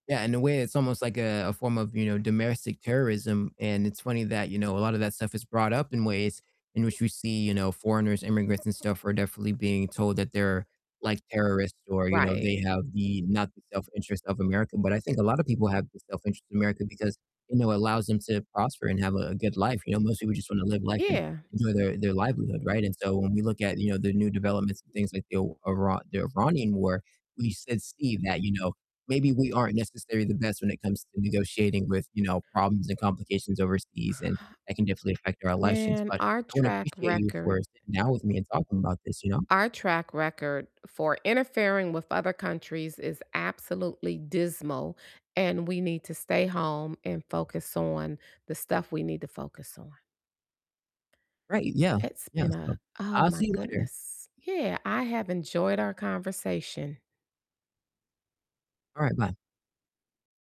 Yeah, in a way it's almost, like, a a form of, you know, domestic terrorism, and it's funny that, you know, a lot of that stuff is brought up in ways in which we see, you know, foreigners, immigrants, and stuff are definitely being told that they're like terrorists, or, you know, Right. they have the not the self interest of America. But I think a lot of people have the self interest of America because, you know, it allows them to prosper and have a a good life, you know, most people just wanna live life and Yeah, m enjoy their their livelihood, right, and, so, when we look at, you know, the new developments and things like the Ira the Iranian war, we s see that, you know, maybe we aren't necessarily the best when it comes to negotiating with, you know, problems and complications overseas, and that can definitely affect our elections, Man, but our I wanna track appreciate you record for sitting down with me and talking about this, you know? our track record for interfering with other countries is absolutely dismal, and we need to stay home, and focus on the stuff we need to focus on. Right, yeah, It's yeah, been so a Oh, I'll my see you later. goodness, yeah, I have enjoyed our conversation Alright, bye.